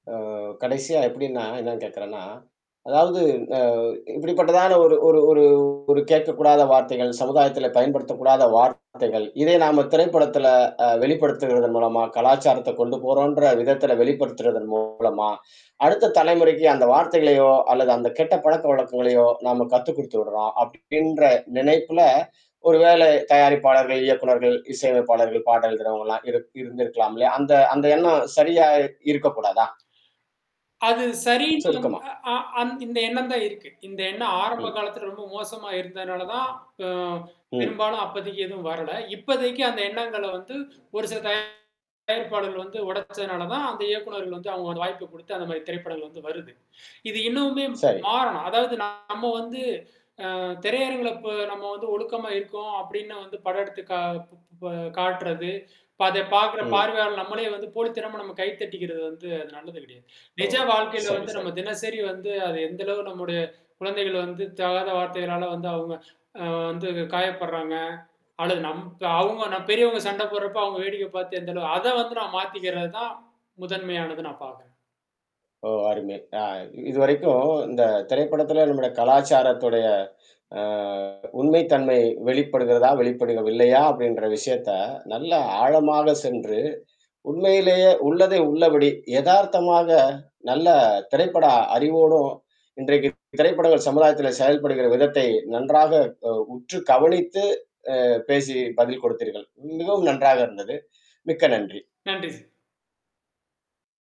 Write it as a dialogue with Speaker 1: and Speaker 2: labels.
Speaker 1: ஆ கடைசியா எப்பிடின்னா, என்னன்னு கேக்குறேனா, அதாவது ஆ இப்பிடிபட்டதான ஒரு ஒரு ஒரு கேட்க கூடாத வார்த்தைகள் சமுதாயத்துல பயன்படுத்தக் கூடாத வார்த்தைகள், இதை நாம திரைப்படத்துல அ வெளிப்படுத்துவதன் மூலமா கலாச்சாரத்த கொண்டு போறோன்ற விதத்துல வெளிப்படுத்துறதன் மூலமா அடுத்த தலைமுறைக்கு அந்த வார்த்தைகளையோ! அல்லது அந்த கெட்ட பழக்க வழக்கங்களையோ! நம்ம கத்து குடுத்துட்றோம். அப்பிடின்ற நினைப்புல ஒருவேளை தயாரிப்பாளர்கள், இயக்குனர்கள் இசை அமைப்பாளர்கள் பாடல் எழுதுறவுங்கலாம் இரு இருந்திருக்கலாம்ல. அந்த அந்த எண்ணம் சரியா இ இருக்க கூடாதா?
Speaker 2: அது சரின்னு
Speaker 1: சுருக்கமா.
Speaker 2: அ ஆம் இந்த எண்ணம் தான் இருக்கு. இந்த எண்ணம் ஆரம்ப
Speaker 1: ம்.
Speaker 2: காலத்துல ரொம்ப மோசமா இருந்தனால தான், அ
Speaker 1: ம்.
Speaker 2: பெரும்பாலும் அப்போதக்கி எதுவும் வரல. இப்போதக்கி அந்த எண்ணங்கள வந்து ஒரு சில தயாரிப்பாளர்கள் வந்து ஒடச்சனாலதான், அந்த இயக்குநர்கள் வந்து அவுங்க ஒரு வாய்ப்ப கொடுத்து, அந்தமாரி திரைப்படங்கள் வந்து வருது. இது இன்னமுமே
Speaker 1: சரி.
Speaker 2: மாறணும். அதாவது நம்ம வந்து அ திரையரங்கில இப்ப நம்ம வந்து ஒழுக்கமா இருக்கோம் அப்பிடின்னு வந்து படம் எடுத்து கா இப் இப்ப காட்டுறது. இப்ப அத பார்க்கிற
Speaker 1: ம்.
Speaker 2: பார்வையாளர் நம்மளே வந்து போலித்தனமா நம்ம கை தட்டிக்கிறது வந்து அது நல்லது கெடையாது.
Speaker 1: ஓ!
Speaker 2: நிஜ வாழ்க்கையில
Speaker 1: சரி,
Speaker 2: வந்து நம்ம
Speaker 1: சரி.
Speaker 2: தினசரி வந்து அது எந்த அளவு நம்முடைய குழந்தைகள் வந்து தகாத வார்த்தைகளால வந்து அவுங்க ஆ வந்து காயப்படுறாங்க அல்லது நம் அவுங்க நம் பெரியவுங்க சண்ட போடுறப்ப, அவுங்க வேடிக்கை பார்த்து எந்த அளவு அத வந்து நான் மாத்திக்கிறதுதான் முதன்மையானது நான் பார்க்கிறேன்.
Speaker 1: ஓ! அருமை. ஆ இதுவரைக்கும் இந்த திரைப்படத்துல நம்முடைய கலாச்சாரத்துடைய ஆ உண்மை தன்மை வெளிப்படுகிறதா? வெளிப்படவில்லையா? அப்பிடின்ற விஷயத்த நல்ல ஆழமாக சென்று, உண்மையிலேயே உள்ளதை உள்ளபடி எதார்த்தமாக நல்ல திரைப்பட அறிவோடும் இன்றைக்கு திரைப்படங்கள் சமுதாயத்துல செயல்படுகிற விதத்தை நன்றாக அ உற்று கவனித்து, அ பேசி பதில் கொடுத்தீர்கள். மிகவும் நன்றாக இருந்தது. மிக்க நன்றி!
Speaker 2: நன்றி சார்.